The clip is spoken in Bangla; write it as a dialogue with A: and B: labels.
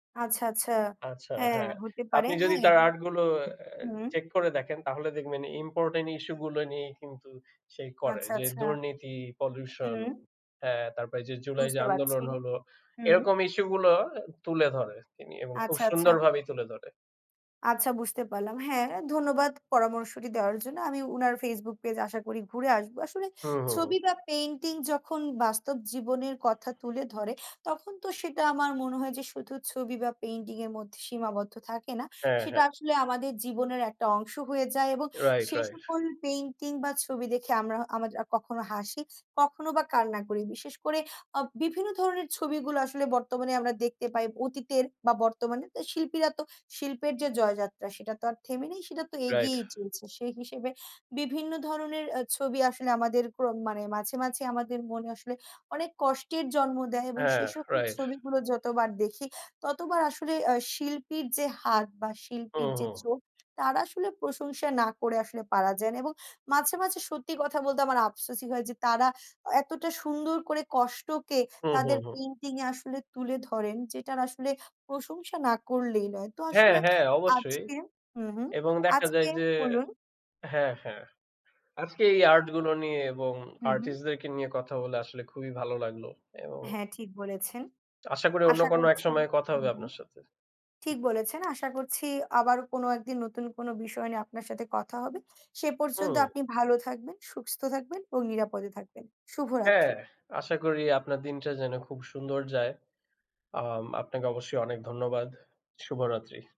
A: আচ্ছা, আচ্ছা।
B: আচ্ছা।
A: হ্যাঁ,
B: হ্যাঁ।
A: হতে পারে
B: আপনি যদি
A: হ্যাঁ।
B: তার আর্ট গুলো এ্যা
A: হুম।
B: চেক করে দেখেন তাহলে দেখবেন ইম্পোর্টেন্ট ইসূ গুলো নিয়েই কিন্তু সেই করে।
A: আচ্ছা,
B: যে,
A: আচ্ছা।
B: দুর্নীতি, পলিউশন
A: হুম।
B: হ্যাঁ, তারপরে যে, জুলাই যে,
A: বুঝতে পারছি,
B: আন্দোলন হলো
A: হুম।
B: এরকম ইসূ গুলো তুলে ধরে তিনি এবং খুব
A: আচ্ছা, আচ্ছা।
B: সুন্দরভাবেই তুলে ধরে।
A: আচ্ছা বুঝতে পারলাম। হ্যাঁ, ধন্যবাদ পরামর্শটি দেওয়ার জন্য। আমি উনার FaceBook পেজ আশা করি ঘুরে আসবো। আসলে
B: হুম, হুম।
A: ছবি বা পেইন্টিং যখন বাস্তব জীবনের কথা তুলে ধরে, তখন তো সেটা আমার মনে হয় যে, শুধু ছবি বা পেইন্টিং এর মধ্যে সীমাবদ্ধ থাকে না।
B: হ্যাঁ,
A: সেটা
B: হ্যাঁ।
A: আসলে আমাদের জীবনের একটা অংশ হয়ে যায় এবং
B: রাইট,
A: সে
B: রাইট।
A: সকল পেইন্টিং বা ছবি দেখে আমরা আমরা কখনো হাসি, কখনো বা কান্না করি বিশেষ করে আ বিভিন্ন ধরনের ছবিগুলো আসলে বর্তমানে আমরা দেখতে পাই অতীতের বা বর্তমানে শিল্পীরা তো শিল্পের যে, জয়যাত্রা সেটা তো আর থেমে নেই, সেটা তো
B: রাইট।
A: এগিয়ে চলছে। সেই হিসেবে বিভিন্ন ধরনের আ ছবি আসলে আমাদের প্রম মানে মাঝে, মাঝে, আমাদের মনে আসলে অনেক কষ্টের জন্ম দেয় এবং
B: হ্যাঁ,
A: সেই সকল
B: রাইট।
A: ছবিগুলো যতবার দেখি, ততবার আসলে আ শিল্পীর যে, হাত বা শিল্পীর
B: হুম,
A: যে,
B: হুম।
A: চোখ তার আসলে প্রশংসা না করে আসলে পারা যায় এবং মাঝে, মাঝে, সত্যি কথা বলতে আমার আফসোসই হয় যে, তারা এতটা সুন্দর করে কষ্টকে
B: হুম, হুম,
A: তাদের
B: হুম।
A: পেইন্টিং এ আসলে তুলে ধরেন যে, টার আসলে প্রশংসা না করলেই নয়। তো
B: হ্যাঁ,
A: আসলে
B: হ্যাঁ, অবশ্যই।
A: আজকে হু, হুম,
B: এবং দেখা যায়
A: আজকে
B: যে,
A: বলুন
B: হ্যাঁ, হ্যাঁ। আজকে এই আর্ট গুলো নিয়ে এবং
A: হু, হুম।
B: আর্টিস্ট দেরকে নিয়ে কথা বলে আসলে খুবই ভালো লাগলো এবং
A: হ্যাঁ, ঠিক বলেছেন।
B: আশা করি অন্য
A: আশা
B: কোনো এক
A: করছি
B: সময়ে কথা
A: হু,
B: হবে
A: হুম,
B: আপনার সাথে।
A: ঠিক বলেছেন। আশা করছি আবার কোনো একদিন নতুন কোনো বিষয় নিয়ে আপনার সাথে কথা হবে। সে পর্যন্ত
B: হুম।
A: আপনি ভালো থাকবেন, সুস্থ থাকবেন এবং নিরাপদে থাকবেন।
B: হ্যাঁ,
A: শুভরাত্রি।
B: আশা করি আপনার দিনটা যেন খুব সুন্দর যায়। আম আপনাকে অবশ্যই অনেক ধন্যবাদ। শুভরাত্রি।